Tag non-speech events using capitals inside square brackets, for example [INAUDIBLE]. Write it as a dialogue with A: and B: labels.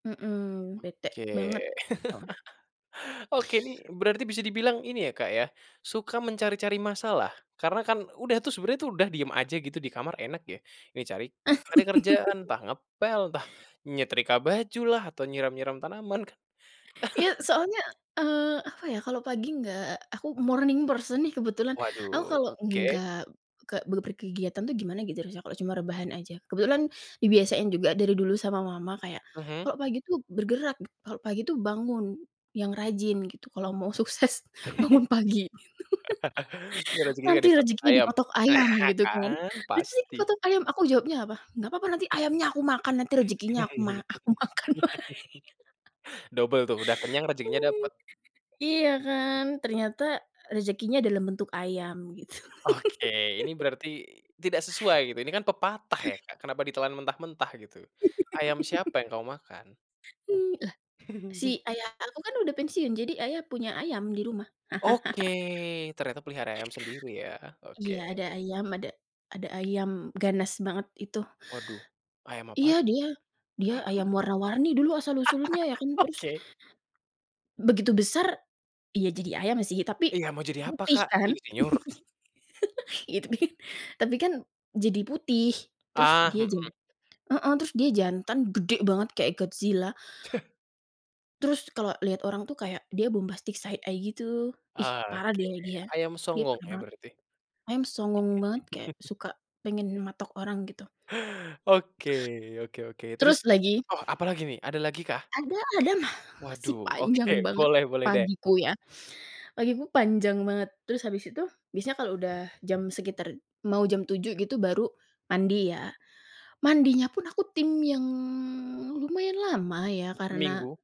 A: Mmm, bete
B: Oke.
A: banget, gitu.
B: [CHUCKLES] Oke, nih berarti bisa dibilang ini, ya, Kak, ya. Suka mencari-cari masalah. Karena, kan, udah tuh, sebenarnya, tuh, udah diam aja, gitu, di kamar, enak ya. Ini cari, cari kerjaan,
A: [LAUGHS]
B: entah ngepel, entah nyetrika baju lah atau nyiram-nyiram tanaman, kan.
A: Iya,
B: [CHUCKLES]
A: soalnya, eee, apa, ya. Kalau pagi nggak aku morning person, nih, kebetulan. Aku
B: Waduh.
A: kalau
B: Oke.
A: nggak kek beper kegiatan, tuh, gimana gitu, rasanya, kalau cuma rebahan aja. Kebetulan, dibiasain juga dari dulu sama Mama, kayak,
B: Mhm.
A: "Kalau pagi, tuh, bergerak! Kalau pagi, tuh, bangun. Yang rajin," gitu, "kalau mau sukses, bangun pagi."
B: [CHUCKLES] Nggak,
A: [CHUCKLES]
B: rejekinya nggak
A: "Nanti
B: dipatok
A: rejekinya
B: ayam.
A: dipatok ayam,"
B: Aha,
A: gitu, kan.
B: kan,
A: Rejeki
B: Pasti.
A: dipatok ayam! Aku jawabnya apa? "Nggak papa. Nanti, ayamnya aku makan. Nanti rejekinya aku ma
B: [CHUCKLES]
A: aku makan lagi,"
B: Dobel, tuh. Udah kenyang, rejekinya dapat.
A: [LAUGHS] Iya, kan. Ternyata, rejekinya dalam bentuk ayam, gitu.
B: Oke, ini
A: [CHUCKLES]
B: berarti tidak sesuai, gitu. Ini, kan, pepatah ya,
A: [CLEARS THROAT]
B: Kak. Kenapa ditelan mentah-mentah, gitu. Ayam siapa yang
A: [CHUCKLES]
B: kamu makan?
A: Eee, lah, si
B: [CHUCKLES]
A: ayah aku, kan, udah pensiun. Jadi, Ayah punya ayam, di rumah.
B: Oke,
A: [CHUCKLES]
B: ternyata pelihara ayam sendiri, ya. Oke.
A: Iya, ada ayam, ada, ada ayam ganas banget, itu.
B: Waduh, ayam apa
A: Iya,
B: t
A: dia, dia ayam
B: [CHUCKLES]
A: warna-warni, dulu, asal-usulnya, ya, kan.
B: [LAUGHS]
A: Terus
B: Oke.
A: begitu besar iya jadi ayam, sih. Tapi,
B: Iya, mau jadi apa,
A: putih,
B: Kak?
A: kan.
B: Insinyur?
A: [CHUCKLES] itu kan, tapi, kan, jadi putih. Terus,
B: Ah,
A: dia
B: mhm.
A: jan heeh, terus dia jantan, gede banget, kayak Godzilla.
B: [CHUCKLES]
A: Terus, kalau liat orang, tuh, kayak, dia bombastic side eye gitu. Ih, parah,
B: Oke,
A: deh,
B: deh.
A: dia.
B: Ayam
A: Dia
B: songong,
A: parah
B: ya,
A: banget.
B: berarti.
A: Ayam songong banget, kek
B: [CHUCKLES]
A: suka pengen matok orang, gitu.
B: Oke, oke oke. Terus,
A: Terus lagi
B: oh, apa lagi, nih? Ada lagikah?
A: ada ada. Ma masih
B: Waduh. Oke.
A: panjang banget,
B: Boleh boleh, deh.
A: pagiku, ya. Pagiku, panjang banget. Terus, habis itu, biasanya kalau udah jam, sekitar mau jam 7.00 gitu, baru mandi, ya. Mandinya pun aku tim, yang, lumayan lama, ya. Karena
B: Seminggu.